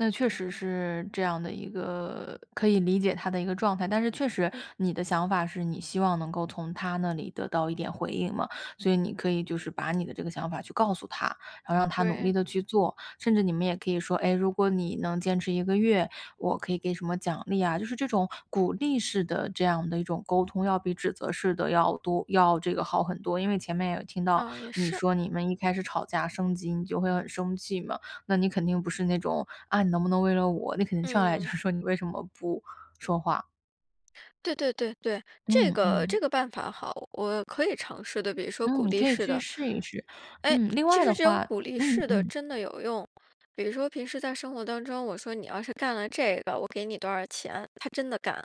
那确实是这样的一个可以理解他的一个状态，但是确实嗯。你的想法是你希望能够从他那里得到一点回应嘛。所以你可以就是把你的这个想法去告诉他，然后让他努对。力地去做。甚至你们也可以说，哎，如果你能坚持1个月，我可以给什么奖励啊。就是这种鼓励式的这样的一种沟通，要比指责式的要多要这个好很多。因为前面有听到哦，也你是。说，你们一开始吵架升级，你就会很生气嘛。那你肯定不是那种“啊，你能不能为了我？”，你肯定上来就嗯。是说“你为什么不说话？”对对对对，这嗯个嗯。这个办法好。我可以尝试的，比如说鼓嗯，励可以式去的。试一试。哎，嗯，另其外实的这种话鼓励嗯式的嗯。真的有用。比如说平时在生活当中，我说：“你要是干了这个，我给你多少钱。”他真的干。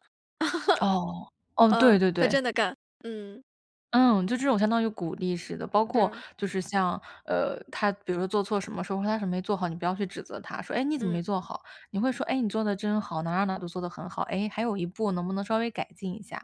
哦。哦，嗯，对对他真对。的干，嗯。嗯，就这种相当于鼓励似的。包括是。就是像，呃，他比如说做错什么，说什么他什么没做好，你不要去指责他，说：“哎，你怎么没嗯。做好？”你会说：“哎，你做得真好，哪哪哪都做得很好。哎，还有一步能不能稍微改进一下？”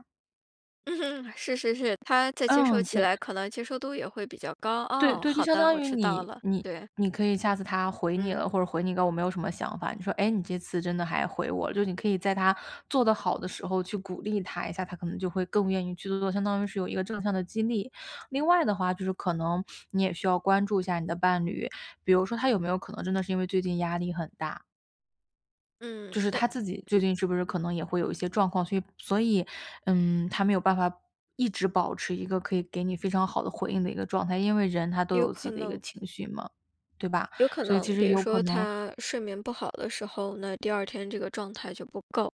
是是是，他再接受嗯，起对。来，可能接受度也会比较高。对哦，对，就好相的，当我于知道你了，你对。你可以下次他回你嗯。了，或者回你一个“我没有什么想法”，你说：“哎，你这次真的还回我了。”就是你可以在他做得好的时候去鼓励他一下，他可能就会更愿意去做做，相当于是有一个正向的激励。另外的话，就是可能 你也需要关注一下你的伴侣，比如说他有没有可能真的是因为最近压力很大嗯，就是对他的。自己最近是不是可能也会有一些状况，所以所以，嗯，他没有办法一直保持一个可以给你非常好的回应的一个状态。因为人他都有有自可己的一个能。情绪嘛，对吧？有可所以其能。实比也如有可说能他睡眠不好的时候，那第二天这个状态就不够。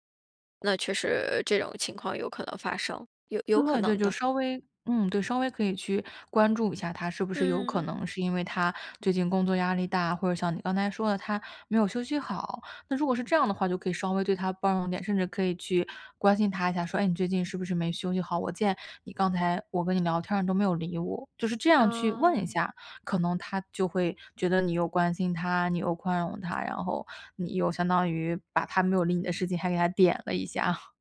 那确实这种情况有可能发生，有有可对对，能就的。稍微嗯，对，稍微可以去关注一下他，是不是有嗯可嗯。能是因为他最近工作压力大，或者像你刚才说的，他没有休息好。那如果是这样的话，就可以稍微对他包容点，甚至可以去关心他一下，说：“哎，你最近是不是没休息好？我见你刚才我跟你聊天儿都没有理我。”就是这样去问一哦。下，可能他就会觉得你又关心他、你又宽容他，然后你又相当于把他没有理你的事情，还给他点了一下。